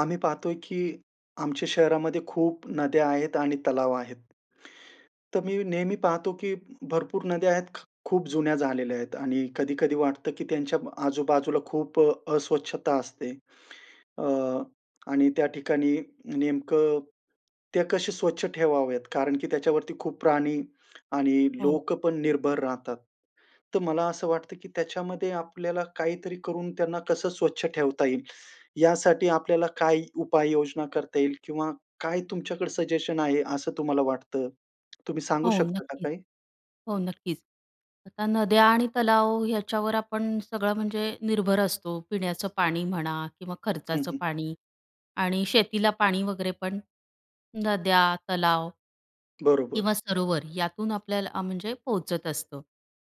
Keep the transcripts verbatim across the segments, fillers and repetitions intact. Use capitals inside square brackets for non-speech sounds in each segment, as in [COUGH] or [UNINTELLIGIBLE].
आम्ही पाहतोय, की आमच्या शहरामध्ये खूप नद्या आहेत आणि तलाव आहेत. तर मी नेहमी पाहतो, की भरपूर नद्या आहेत, ख खूप जुन्या झालेल्या आहेत आणि कधी-कधी वाटतं, की त्यांच्या आजूबाजूला खूप अस्वच्छता असते. अ, आणि त्या ठिकाणी नेमकं ते कसे स्वच्छ ठेवावेत? कारण की त्याच्यावरती खूप प्राणी आणि हो. लोक पण निर्भर राहतात. तर मला असं वाटतं, की त्याच्यामध्ये आपल्याला काहीतरी करून त्यांना कसं स्वच्छ ठेवता येईल, यासाठी आपल्याला काय उपाय योजना करता येईल किंवा काय तुमच्याकडे सजेशन आहे, असं तुम्हाला वाटतं, तुम्ही सांगू हो, शकता का नक्कीच. काही? हो, नक्कीच. आता नद्या आणि तलाव याच्यावर आपण सगळं, म्हणजे निर्भर असतो. पिण्याचं पाणी म्हणा किंवा हं, खर्चाचं हं. पाणी आणि शेतीला पाणी वगैरे पण नद्या, तलाव किंवा बरोबर. सरोवर यातून आपल्याला म्हणजे पोहोचत असतं.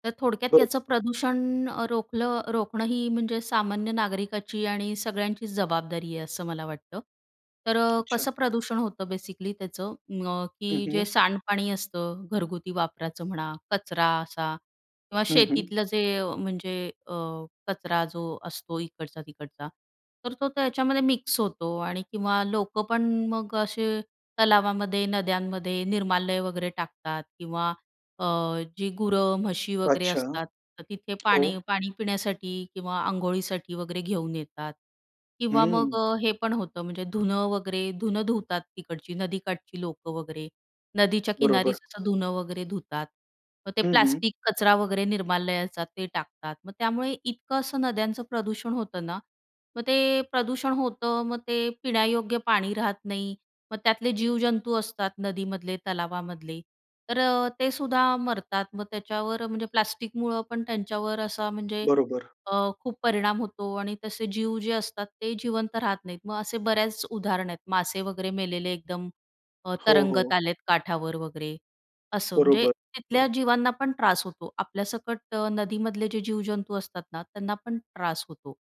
तर थोडक्यात, हो. याचं प्रदूषण रोखलं, रोखणं ही म्हणजे सामान्य नागरिकाची आणि सगळ्यांचीच जबाबदारी आहे, असं मला वाटतं. तर अच्छा. कसं प्रदूषण होतं, बेसिकली त्याचं, अ, हं, की जे हं. सांडपाणी असतं, घरगुती वापराचं म्हणा, कचरा असा किंवा हं, हं. शेतीतलं जे, म्हणजे अ, कचरा जो असतो, इकडचा तिकडचा, तर तो त्याच्यामध्ये मिक्स होतो आणि किंवा लोकं पण मग असे तलावामध्ये, नद्यांमध्ये निर्माल्य वगैरे टाकतात किंवा अ, जे गुरं, म्हशी वगैरे अच्छा, असतात, तर तिथे पाणी, हो. पाणी पिण्यासाठी किंवा अंघोळीसाठी वगैरे घेऊन येतात किंवा मग हं. हे पण होतं, म्हणजे धुनं वगैरे, धुनं धुतात, तिकडची नदीकाठची लोकं वगैरे, नदीच्या किनारी, बरोबर. असं धुनं वगैरे धुतात. मग ते हं, हं. प्लास्टिक कचरा वगैरे, निर्माल्याचा ते टाकतात. मग त्यामुळे इतकं असं नद्यांचं प्रदूषण होतं ना. मग ते प्रदूषण होतं, मग ते पिण्यायोग्य पाणी राहत नाही. मग त्यातले जीवजंतू असतात, नदीमधले, तलावामधले, तर ते सुद्धा मरतात. मग त्याच्यावर, म्हणजे प्लास्टिकमुळं पण त्यांच्यावर असा, म्हणजे बरोबर. अ, खूप परिणाम होतो आणि तसे जीव जे असतात, ते जिवंत राहत नाहीत. मग असे बऱ्याच उदाहरण आहेत, मासे वगैरे मेलेले, एकदम अ, हो, तरंगत हो. आलेत, काठावर वगैरे. असं, म्हणजे बरोबर, तिथल्या बर. जीवांना पण त्रास होतो, आपल्यासकट. नदीमधले जे जीवजंतू असतात ना, त्यांना पण त्रास होतो.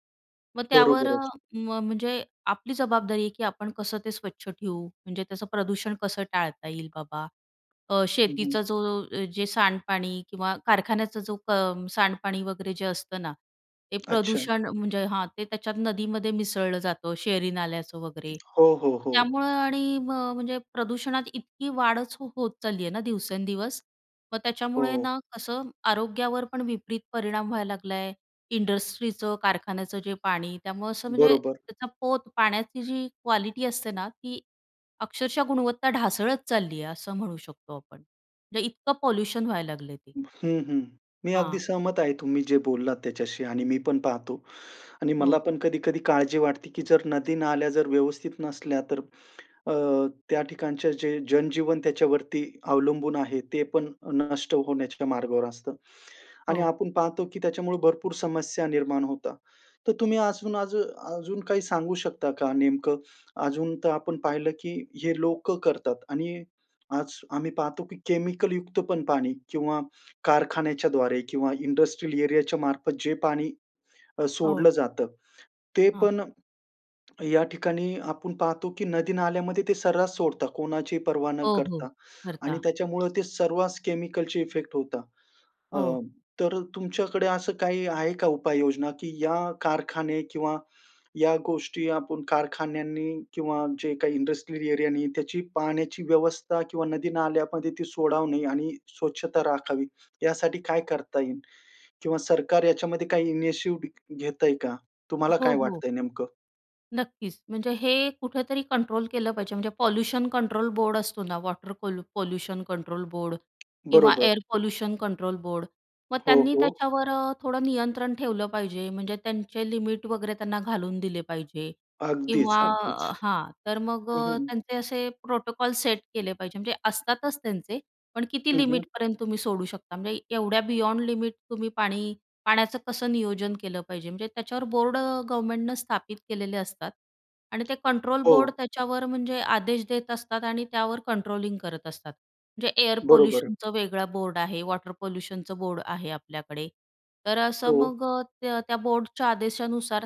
मग त्यावर, बरोबरच. म म्हणजे आपली जबाबदारी आहे, की आपण कसं ते स्वच्छ ठेवू, म्हणजे त्याचं प्रदूषण कसं टाळता येईल बाबा. अ, हं, हं. शेतीचा जो, जे सांडपाणी किंवा कारखान्याचा जो क सांडपाणी वगैरे, जे असतं ना, ते अच्छा. प्रदूषण म्हणजे हां, ते त्याच्यात नदीमध्ये मिसळलं जातं, शहरी नाल्याचं वगैरे, हो, हो, हो. त्यामुळे आणि मग म्हणजे प्रदूषणात इतकी वाढच हो होत चालली आहे ना, दिवसेंदिवस. मग त्याच्यामुळे हो. ना, कसं, आरोग्यावर पण विपरीत परिणाम व्हायला लागला आहे. इंडस्ट्रीचं, कारखान्याचं जे पाणी, त्यामुळं असं, म्हणजे बरोबर. त्याचा पोत, पाण्याची जी क्वालिटी असते ना, ती अक्षरशः गुणवत्ता ढासळत चालली आहे, असं म्हणू शकतो आपण. म्हणजे इतकं पॉल्यूशन व्हायला लागले ते. हं, हं, मी अगदी हां. सहमत आहे, तुम्ही जे बोललात त्याच्याशी आणि मी पण पाहतो आणि मला हो. पण कधी-कधी काळजी वाटते, की जर नदी, नाल्या जर व्यवस्थित नसल्या तर अ, त्या ठिकाणचे जे जन-जीवन त्याच्यावरती अवलंबून आहे, ते पण नष्ट होण्याच्या मार्गावर असतं आणि हो. आपण पाहतो, की त्याच्यामुळे भरपूर समस्या निर्माण होता. तर तुम्ही आसून अजू अजून काही सांगू शकता का, नेमकं? अजून तर आपण पाहिलं, की हे लोकं करतात आणि आज आम्ही पाहतो, की केमिकलयुक्त पण पाणी किंवा कारखान्याच्या द्वारे किंवा इंडस्ट्रियल एरियाच्या मार्फत, जे पाणी अ, हो. सोडलं जातं, ते हां. पण या ठिकाणी, आपण पाहतो, की नदी-नाल्यामध्ये ते सर्रास सोडता कोणाची पर्वा न हो, हो, करता आणि भरता. त्याच्यामुळं ते सर्वास केमिकलचे इफेक्ट होता. अ, हो. तर तुमच्याकडे असं काही आहे का, उपाययोजना, की या कारखाने किंवा या गोष्टी, आपण कारखान्यांनी किंवा जे काही इंडस्ट्रियल एरियानी, त्याची पाण्याची व्यवस्था किंवा नदी-नाल्यामध्ये ती सोडावणे आणि स्वच्छता राखावी, यासाठी काय करता येईल? किंवा सरकार याच्यामध्ये काही इनिशिव्ह घेतंय का? तुम्हाला हो, काय हो. वाटतंय, नेमकं? नक्कीच, म्हणजे हे कुठेतरी कंट्रोल केलं पाहिजे. म्हणजे पॉल्यूशन कंट्रोल बोर्ड असतो ना, वॉटर पॉल पॉल्यूशन कंट्रोल बोर्ड किंवा बरोबर. Air pollution control board. मग हो, त्यांनी हो. त्याच्यावर अ, थोडं नियंत्रण ठेवलं पाहिजे. म्हणजे त्यांचे लिमिट वगैरे त्यांना घालून दिले पाहिजे अगदीच, किंवा अगदीच. हां, तर मग हं, अ, हं. त्यांचे असे प्रोटोकॉल सेट केले पाहिजे, म्हणजे असतातच त्यांचे पण किती हं, हं. लिमिटपर्यंत तुम्ही सोडू शकता? म्हणजे एवढ्या बियॉन्ड लिमिट तुम्ही पाणी पाण्याचं कसं नियोजन केलं पाहिजे. म्हणजे त्याच्यावर बोर्ड गव्हर्मेंटनं स्थापित केलेले असतात आणि ते कंट्रोल हो. बोर्ड त्याच्यावर म्हणजे आदेश देत असतात आणि त्यावर कंट्रोलिंग करत असतात. म्हणजे एअर बरोबर. पोल्यूशनचं वेगळं बोर्ड आहे, वॉटर पोल्यूशनचं बोर्ड आहे आपल्याकडे, तर असं हो. मग अ, त्या त्या बोर्डच्या आदेशानुसार,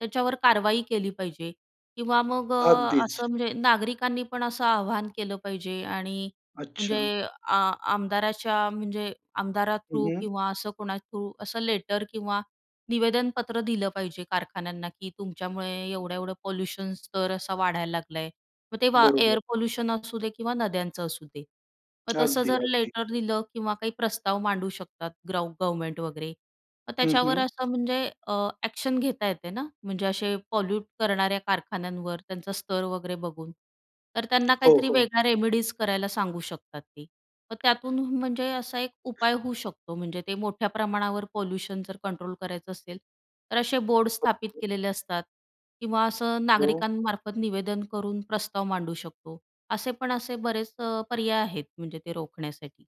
त्याच्यावर कारवाई केली पाहिजे किंवा मग अ, अगदीच. असं म्हणजे नागरिकांनी पण असं आव्हान केलं पाहिजे आणि म्हणजे अच्छा. आ आमदाराच्या म्हणजे आमदारा हं, थ्रू हं किंवा असं कोणा थ्रू असं लेटर किंवा निवेदनपत्र दिलं पाहिजे कारखान्यांना की तुमच्यामुळे एवढं-एवढं पॉल्यूशन स्तर असा वाढायला लागलाय. मग ते वा बरोबर. एअर पोल्यूशन असू दे किंवा नद्यांचं असू दे. मग तसं जर अगदी-अगदी. लेटर लिहिलं किंवा काही प्रस्ताव मांडू शकतात, ग्रव गव्हर्मेंट वगैरे. मग हं, त्याच्यावर हं. असं म्हणजे अ, अॅक्शन घेता येते ना. म्हणजे असे पॉल्यूट करणाऱ्या कारखान्यांवर त्यांचा स्तर वगैरे बघून. तर त्यांना हो, काहीतरी हो. वेगळा रेमेडीज करायला सांगू शकतात ते. मग त्यातून म्हणजे असा एक उपाय होऊ शकतो. म्हणजे ते मोठ्या प्रमाणावर पॉल्यूशन जर कंट्रोल करायचं असेल, तर असे बोर्ड स्थापित [UNINTELLIGIBLE] केलेले असतात किंवा असं हो. नागरिकांमार्फत निवेदन करून प्रस्ताव मांडू शकतो. असे पण असे बरेच अ, पर्याय आहेत, म्हणजे ते रोखण्यासाठी,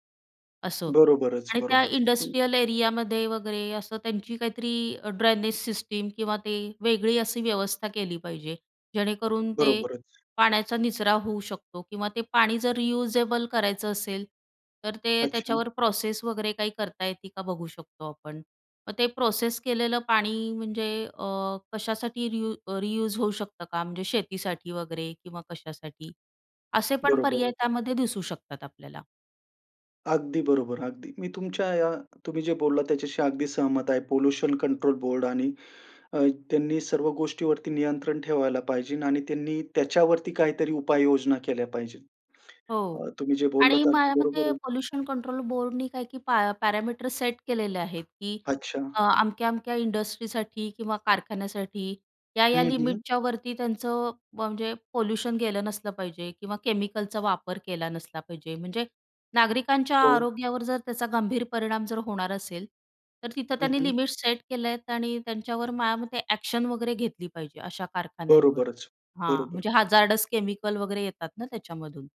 असं. बरोबरच. आणि त्या बरोबर, हं. इंडस्ट्रियल एरियामध्ये वगैरे असं, त्यांची काहीतरी ड्रेनेज सिस्टीम किंवा ते वेगळी अशी व्यवस्था केली पाहिजे जेणेकरून ते बरोबरच. पाण्याचा निचरा होऊ शकतो किंवा ते पाणी जर रियूजेबल करायचं असेल, तर ते अच्छा. त्याच्यावर प्रोसेस वगैरे काही करता येते का बघू शकतो आपण. मग ते प्रोसेस केलेलं पाणी, म्हणजे अ, कशासाठी रियू अ, रियूज होऊ शकतं का? म्हणजे शेतीसाठी वगैरे किंवा कशासाठी. असे पण पर्याय बरोबर. त्यामध्ये दिसू शकतात आपल्याला. अगदी बरोबर, अगदी. मी तुमच्या या तुम्ही जे बोललात त्याच्याशी अगदी सहमत आहे. पोल्यूशन कंट्रोल बोर्डनी अ, आणि त्यांनी सर्व गोष्टीवरती नियंत्रण ठेवायला पाहिजे आणि त्यांनी त्याच्यावरती काहीतरी उपाययोजना केल्या पाहिजेत. हो अ, तुम्ही जे बोललात आणि ते माझ्या अगदी बरोबर मते आहे. पोल्यूशन कंट्रोल बोर्डनी काय की पॅ पॅरामीटर सेट केलेले आहेत की अच्छा. अ, अमक्या-अमक्या इंडस्ट्रीसाठी किंवा कारखान्यासाठी या-या हं, हं. लिमिटच्यावरती त्यांचं म्हणजे पोल्यूशन गेलं नसलं पाहिजे किंवा केमिकलचा वापर केला नसला पाहिजे. म्हणजे नागरिकांच्या हो. आरोग्यावर जर त्याचा गंभीर परिणाम जर होणार असेल, तर तिथं हं, त्यांनी हं. लिमिट सेट केले आहेत आणि त्यांच्यावर माझ्यामते एक्शन वगैरे घेतली पाहिजे, अशा कारखान्यांवर. बरोबरच. हां, बरोबर. म्हणजे हजारडस केमिकल वगैरे येतात ना त्याच्यामधून.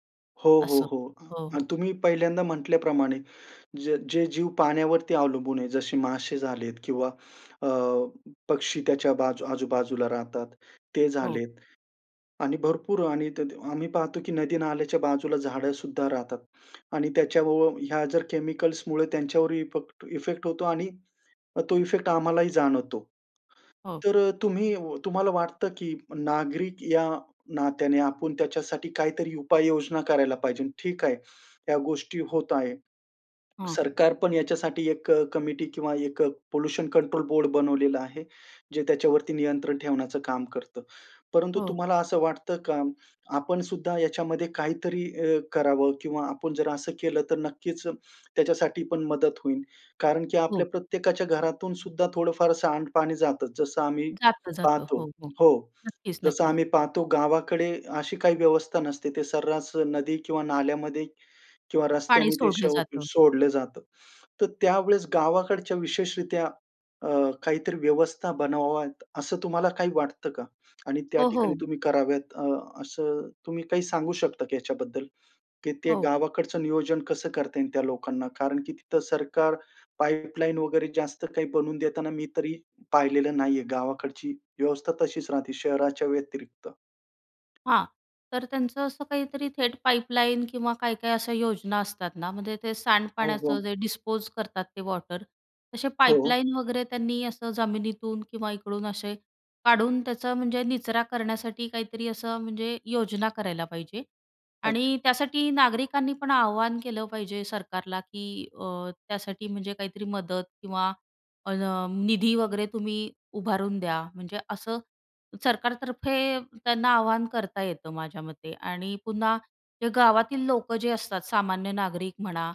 हो, हो, असं. हो. अ, हो, अन् हो. तुम्ही पहिल्यांदा म्हंटल्याप्रमाणे, ज जे जीव पाण्यावरती अवलंबून आहे जसे मासे झालेत किंवा अ, पक्षी त्याच्या बाजू आजूबाजूला राहतात, ते हो. झालेत आणि भरपूर आणि ते ते आम्ही पाहतो की नदी नाल्याच्या बाजूला झाडं सुद्धा राहतात आणि त्याच्याबरोबर ह्या जर केमिकल्स मुळे त्यांच्यावर ईपक्ट इफेक्ट होतो आणि तो इफेक्ट आम्हालाही जाणवतो. हो. तर अ, तुम्ही व तुम्हाला वाटतं की नागरिक या नात्याने आपण त्याच्यासाठी काहीतरी उपाययोजना करायला पाहिजे, ठीक आहे. या गोष्टी होत आहे. हां. सरकार पण याच्यासाठी एक अ, कमिटी किंवा पोल्युशन कंट्रोल बोर्ड बनवलेलं आहे, जे त्याच्यावरती नियंत्रण ठेवण्याचं काम करतं. परंतु हो. तुम्हाला असं वाटतं का आपण सुद्धा याच्यामध्ये काहीतरी अ, करावं किंवा आपण जर असं केलं तर नक्कीच त्याच्यासाठी पण मदत होईल? कारण की हो. आपल्या प्रत्येकाच्या घरातून सुद्धा थोडं फार सांडपाणी जातंच. जसं आम्ही जातं जातं. पाहतो हो, हो. हो, नक्कीच, जसं नक्कीच. आम्ही पाहतो गावाकडे अशी काही व्यवस्था नसते. ते सर्रास नदी किंवा नाल्यामध्ये किंवा पाणी रस्त्याने ते सोडलं सो जातं. सोडलं जातं. तर त्यावेळेस गावाकडच्या विशेषरीत्या अ, काहीतरी व्यवस्था बनवाव्यात असं तुम्हाला काही वाटतं का? आणि त्या हो, ठिकाणी हो. तुम्ही कराव्यात अ, असं तुम्ही काही सांगू शकता की याच्याबद्दल? की ते हो. गावाकडचं नियोजन कसं करता येईल त्या लोकांना? कारण की तिथं सरकार पाईपलाईन वगैरे जास्त काही बनवून देताना मी तरी पाहिलेलं नाहीये. गावाकडची व्यवस्था तशीच राहते शहराच्या व्यतिरिक्त. हां, तर त्यांचं असं काहीतरी थेट पाईपलाईन किंवा काय-काय अशा योजना असतात ना, म्हणजे ते हो, सांडपाण्याचं हो. जे डिस्पोज करतात ते वॉटर, तसे हो. पाईपलाईन वगैरे त्यांनी असं जमिनीतून किंवा इकडून असे काढून त्याचा म्हणजे निचरा करण्यासाठी काहीतरी असं म्हणजे योजना करायला पाहिजे अच्छा. आणि त्यासाठी नागरिकांनी पण आवाहन केलं पाहिजे सरकारला की अ, त्यासाठी म्हणजे काहीतरी मदत किंवा अ, निधी वगैरे तुम्ही उभारून द्या. म्हणजे असं सरकारतर्फे त्यांना आवाहन करता येतं माझ्या मते आणि पुन्हा ते गावातील लोकं जे असतात, सामान्य नागरिक म्हणा,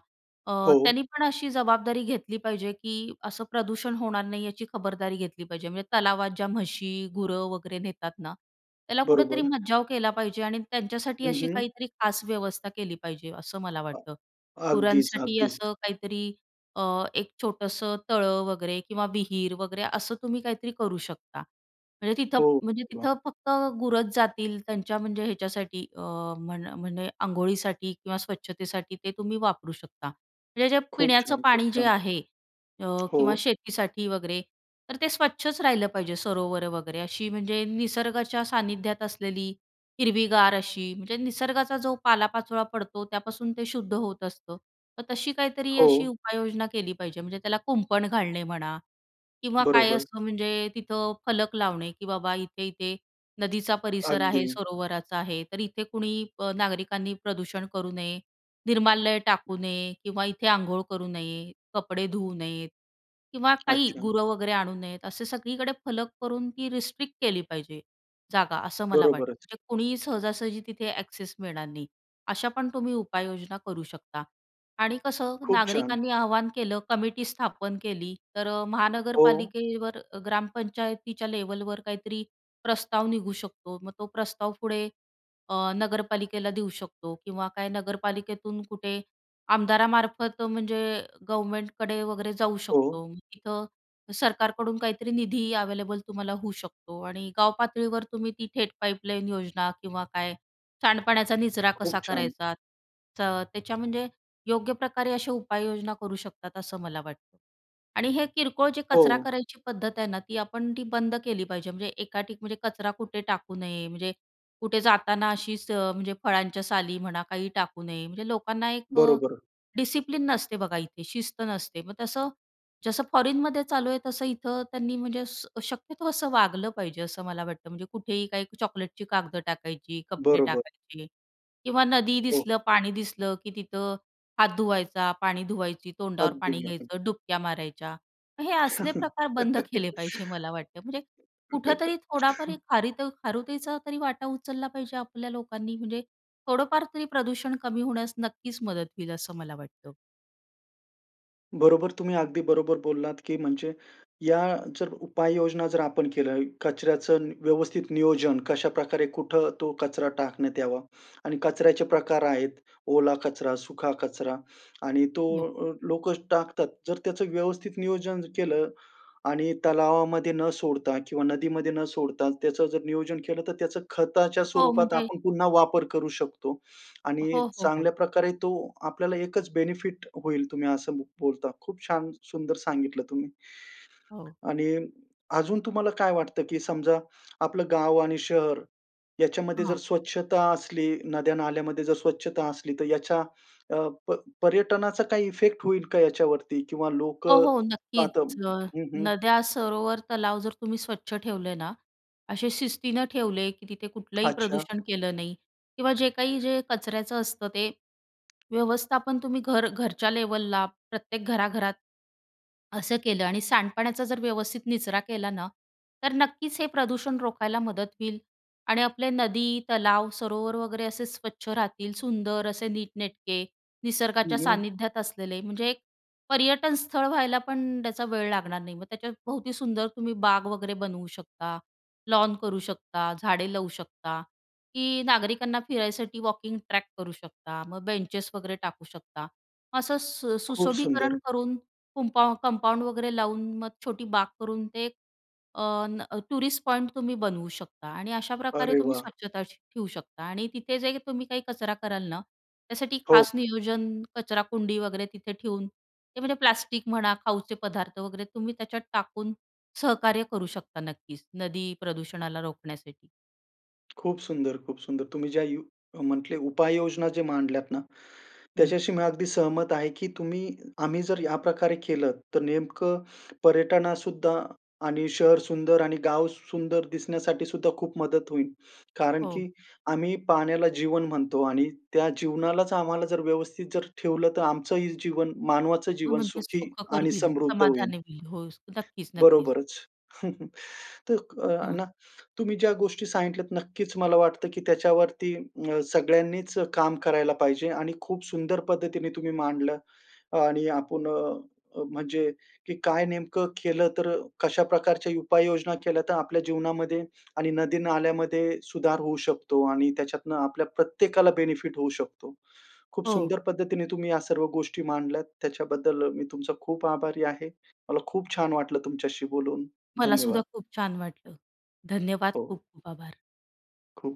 अ, हो. त्यांनी पण अशी जबाबदारी घेतली पाहिजे की असं प्रदूषण होणार नाही, याची खबरदारी घेतली पाहिजे. म्हणजे तलावात ज्या म्हशी, गुरं वगैरे नेतात ना, त्याला कुठेतरी बरोबर. मज्जाव केला पाहिजे आणि त्यांच्यासाठी हं, अशी हं. काहीतरी खास व्यवस्था केली पाहिजे, असं मला वाटतं. अ अगदीच, गुरांसाठी अगदीच. असं काहीतरी अ, एक छोटंसं तळं वगैरे किंवा विहीर वगैरे, असं तुम्ही काहीतरी करू शकता. म्हणजे तिथं, हो, म्हणजे [UNINTELLIGIBLE] तिथं फक्त गुरच जातील त्यांच्या म्हणजे ह्याच्यासाठी अ, म्हण म्हणजे अंघोळीसाठी किंवा स्वच्छतेसाठी ते तुम्ही वापरू शकता. म्हणजे जे खूप पिण्याचं छान! खूप पाणी जे छान! आहे अ, किंवा हो. शेतीसाठी वगैरे तर ते स्वच्छच राहिलं पाहिजे, सरोवरं वगैरे, अशी म्हणजे निसर्गाच्या सान्निध्यात असलेली हिरवीगार अशी म्हणजे निसर्गाचा जो पालापाचोळा पडतो त्यापासून ते शुद्ध होत असतं. तर तशी काहीतरी अशी हो. उपाययोजना केली पाहिजे. म्हणजे त्याला कुंपण घालणे म्हणा किंवा काय बरोबर. असतं म्हणजे तिथं फलक लावणे की "बाबा इथे-इथे नदीचा परिसर आहे, अगदी. सरोवराचा आहे तर इथे कुणी अ, नागरिकांनी प्रदूषण करू नये, निर्मालय टाकू नये किंवा इथे अंघोळ करू नये, कपडे धुवू नयेत किंवा काही अच्छा. गुरं वगैरे आणू नयेत." असे सगळीकडे फलक करून ती रिस्ट्रिक्ट केली पाहिजे जागा, असं मला वाटतं. बरोबरच. म्हणजे कुणीही सहजासहजी तिथे अॅक्सेस मिळणार नाही. अशा पण तुम्ही उपाययोजना करू शकता आणि कसं, खूप छान! नागरिकांनी आव्हान केलं कमिटी स्थापन केली तर अ, हो. महानगरपालिकेवर ग्रामपंचायतीच्या लेव्हलवर काहीतरी प्रस्ताव निघू शकतो. मग तो प्रस्ताव पुढे अ, नगरपालिकेला देऊ शकतो किंवा काय नगरपालिकेतून कुठे आमदारामार्फत म्हणजे गव्हर्नमेंटकडे वैगरे जाऊ हो. शकतो. तिथं सरकारकडून काहीतरी निधी अव्हेलेबल तुम्हाला होऊ शकतो आणि गावपातळीवर तुम्ही ती थेट पाईपलाईन योजना किंवा काय, सांडपाण्याचा निचरा खूप कसा छान! करायचा, तर त्याच्या म्हणजे योग्य प्रकारे अशा उपाययोजना करू शकतात असं मला वाटतं. आणि हे किरकोळ जे कचरा हो. करायची पद्धत आहे ना ती आपण ती बंद केली पाहिजे. म्हणजे एका ठिक म्हणजे कचरा कुठे टाकू नये, म्हणजे कुठे जाताना अशीच म्हणजे फळांच्या साली म्हणा काही टाकू नये. म्हणजे लोकांना एक अ, बरोबर. डिसिप्लिन नसते बघा इथे, शिस्त नसते. मग तसं जसं फॉरेनमध्ये चालू आहे तसं इथं त्यांनी म्हणजे स शक्यतो असं वागलं पाहिजे, असं मला वाटतं. म्हणजे कुठेही काही चॉकलेटची कागद टाकायची, कपडे बरोबर. टाकायचे किंवा नदी हो. दिसलं, पाणी दिसलं की तिथं हात धुवायचा, पाणी धुवायची, तोंडावर अगदी, पाणी घ्यायचं, अगदी. डुबक्या मारायच्या. मग हे असले प्रकार बंद केले पाहिजे मला वाटतं. म्हणजे कुठेतरी थोडाफारी [CHUCKLES] खारिताऊ खारुताईचा तरी वाटा उचलला पाहिजे आपल्या लोकांनी. म्हणजे थोडंफार तरी प्रदूषण कमी होण्यास नक्कीच मदत होईल असं मला वाटतं. बरोबर, तुम्ही अगदी बरोबर बोललात, की म्हणजे या जर उपाययोजना जर आपण केल्या, कचऱ्याचं नी व्यवस्थित नियोजन कशाप्रकारे कुठं तो कचरा टाकण्यात यावा आणि कचऱ्याचे प्रकार आहेत. ओला कचरा, सुखा कचरा आणि तो हो. लो लोक टाकतात. जर त्याचं व्यवस्थित नियोजन केलं आणि तलावामध्ये न सोडता किंवा नदीमध्ये न सोडता त्याचं जर नियोजन केलं, तर त्याचं खताच्या हो, स्वरूपात म्हणजे आपण पुन्हा वापर करू शकतो आणि हो, हो, चांगल्या हो. प्रकारे तो आपल्याला एकचं बेनिफिट होईल तुम्ही असं ब बोलता, खूप छान सुंदर सांगितलं तुम्ही हो. आणि अजून तुम्हाला काय वाटतं? की समजा आपलं गाव आणि शहर याच्यामध्ये जर हां. स्वच्छता असली, नद्या नाल्यामध्ये जर स्वच्छता असली तर याच्या अ, प पर्यटनाचा काही इफेक्ट होईल का याच्यावरती? किंवा हो, लोकं हो, आता नक्कीचं. अ, हं, हं. नद्या सरोवर तलाव जर तुम्ही स्वच्छ ठेवले ना, असे शिस्तीनं ठेवले की तिथे कुठलंही अच्छा. प्रदूषण केलं नाही किंवा जे काही जे कचऱ्याचं असतं. ते व्यवस्थापन तुम्ही घर घरच्या लेव्हलला प्रत्येक घराघरात असं केलं आणि सांडपाण्याचा जर व्यवस्थित निचरा केला ना, तर नक्कीचं हे प्रदूषण रोखायला मदत होईल आणि आपले नदी, तलाव, सरोवर वगैरे असे स्वच्छ राहतील. सुंदर असे नीटनेटके हं, निसर्गाच्या हं. सान्निध्यात असलेले म्हणजे एक पर्यटनस्थळ व्हायला पणं त्याचा वेळ लागणार नाही. त्याच्यात भोवती सुंदर तुम्ही बाग वगैरे बनवू शकता, लॉन करू शकता, झाडे लावू शकता की नागरिकांना फिरायसाठी वॉकिंग ट्रॅक करू शकता. मग बेंचेस वगैरे टाकू शकता. असं सु खूप सुंदर. सुशोभीकरण करून कुंपा कंपाऊंड वगैरे लावून मग छोटी बाग करून ते अ, न टुरिस्ट पॉइंट तुम्ही बनवू शकता आणि अशाप्रकारे अरे तुम्ही वाह! स्वच्छता श ठेवू शकता आणि तिथे जे तुम्ही काही कचरा कराल ना, त्यासाठी हो. खास नियोजन कचरा कुंडी वगैरे तिथे ठेऊन ते म्हणजे प्लास्टिक म्हणा खाऊचे पदार्थ वगैरे तुम्ही त्याच्यात टाकून सहकार्य करू शकता नक्कीचं. नदी प्रदूषणाला रोखण्यासाठी. खूप सुंदर, खूप सुंदर. तुम्ही ज्या यु जे म्हटले उपाययोजना जे मांडल्यात ना, हं. त्याच्याशी मी अगदी सहमत आहे की तुम्ही, आम्ही जर या प्रकारे केलं तर नेमकं पर्यटनासुद्धा आणि शहर सुंदर आणि गाव सुंदर दिसण्यासाठी सुद्धा खूप मदत होईल. कारण हो. की आम्ही पाण्याला जीवन म्हणतो आणि त्या जीवनालाच आम्हाला जर व्यवस्थित जर ठेवलं तर आमचंही जीवन मानवाचं हो, जीवन म्हंटल, सुखी सुखकर आणि होईल, समृद्ध होईल. समाधानी होईल. हो, नक्कीच-नक्कीच. बरोबरच. [CHUCKLES] तर अ, हं. ना, तुम्ही ज्या गोष्टी सांगितल्यात नक्कीच मला वाटतं की त्याच्यावरती अ, सगळ्यांनीच काम करायला पाहिजे आणि खूप सुंदर पद्धतीने तुम्ही मांडलं आणि आपण अ, अ, म्हणजे, की काय नेमकं केलं? तर कशा प्रकारच्या उपाययोजना केल्या तर आपल्या जीवनामध्ये आणि नदी, नाल्यामध्ये सुधार होऊ शकतो आणि त्याच्यातनं आपल्या प्रत्येकाला बेनिफिट होऊ शकतो. खूप हो. सुंदर पद्धतीने तुम्ही या सर्व गोष्टी मांडल्यात. त्याच्याबद्दल मी तुमचा खूप आभारी आहे. मला खूप छान वाटलं तुमच्याशी बोलून, मला सुद्धा धन्यवाद. खूप छान वाटलं. धन्यवाद! हो. खूप-खूप आभार. खूप.